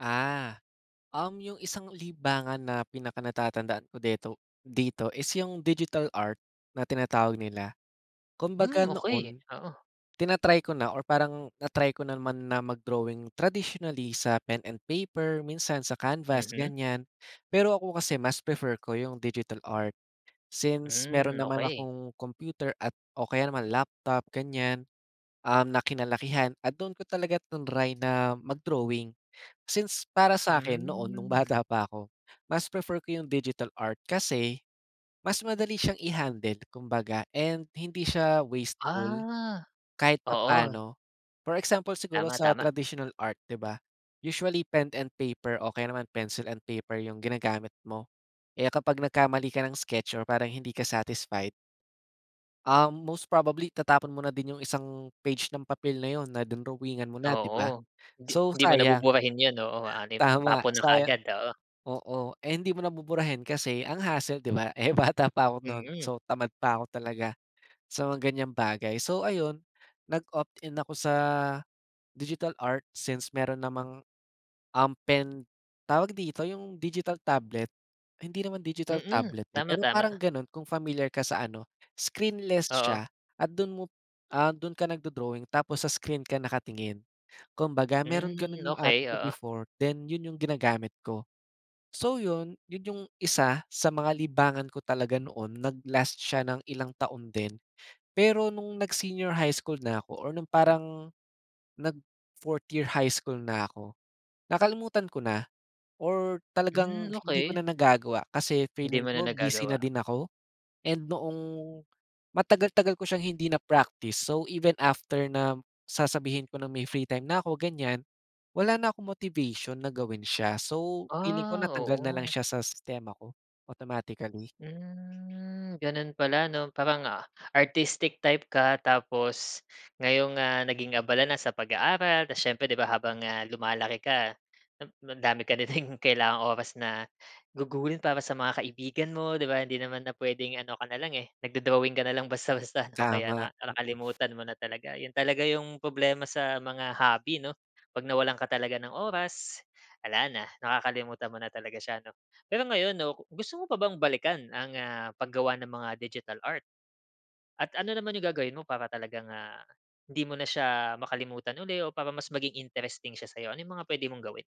Ah, um, yung isang libangan na pinakanatatandaan ko deto dito is yung digital art na tinatawag nila. Kumbaga Mm, okey, noon, oo. tina-try ko na or parang na-try ko naman na mag-drawing traditionally sa pen and paper minsan sa canvas Mhm? gan'yan. Pero ako kasi mas prefer ko yung digital art, since meron Mm, naman okey. akong computer at o kaya naman laptop gan'yan, um, na kinalakihan at doon ko talaga triny na mag-drawing. Since para sa'kin noon nung Hmm. bata pa ako, mas prefer ko yung digital art kasi mas madali siyang i-handle kumbaga and hindi siya wasteful, Ah, kahit oo. papa'no. For example siguro Tama, sa tama. traditional art 'di ba? Usually pen and paper o kaya naman pencil and paper yung ginagamit mo, eh, kapag nagkamali ka ng sketch or parang hindi ka satisfied. Um, most probably itatapon mo na din yung isang page ng papel na 'yon na drinowingan mo na 'di ba, Oo, 'di so 'di mo sayang. nabuburahin yun, oo hanep, Tama tapon na saya kaagad, oo. oo eh, hindi mo na buburahin kasi ang hassle 'di ba, eh, bata pa 'ko no'n Mm. so tamad pa 'ko talaga sa mga gan'yang bagay. So, ayun nag-opt in ako sa digital art since meron namang, um, pen tawag dito yung digital tablet, hindi naman digital Mm, tablet, eh, tama, pero tama. parang gano'n kung familiar ka sa ano, screenless Oo. siya at do'n mo, ah, do'n ka nagdo-drawing tapos sa screen ka nakatingin. Kumbaga meron Mm, gano'n yung ate okey, ko oo. before then 'yon yung ginagamit ko. So 'yon, 'yon yung isa sa mga libangan ko talaga noon nag-last siya ng ilang taon din. Pero no'ng nag-senior high school na ako or no'ng parang nag-4th year high school na ako, nakalimutan ko na or talagang Mm, hindi ko okey. na nagagawa kasi Hindi feeling mo na ko busy na nagagawa. din ako. And noong matagal-tagal ko siyang hindi na-practice so even after na sasabihin ko ng may free time na'ko gan'yan, wala na akong motivation na gawin siya so feeling ko Ah, natanggal na lang oo. siya sa sistema ko, automatically. Hmm, gano'n pala 'no, parang, ah, artistic type ka tapos ngayon, ah, naging abala na sa pag-aaral tapos siyempre 'di ba habang, ah, lumalaki ka, ang dami ka na ding kailangang oras na gugulin para sa mga kaibigan mo 'di ba? Hindi naman na puwedeng ano ka nalang, eh, nag-do-drawing ka nalang basta-basta 'no, kaya Tama. na nakalimutan mo na talaga. 'Yon talaga yung problema sa mga hobby 'no, 'pag nawalan ka talaga ng oras, wala na nakakalimutan mo na talaga siya 'no. Pero ngayon 'no, gusto mo pa bang balikan ang, ah, paggawa ng mga digital art? At ano naman yung gagawin mo para talagang, ah, 'di mo na siya makalimutan uli o para mas maging interesting siya sa'yo, ano yung mga puwede mong gawin?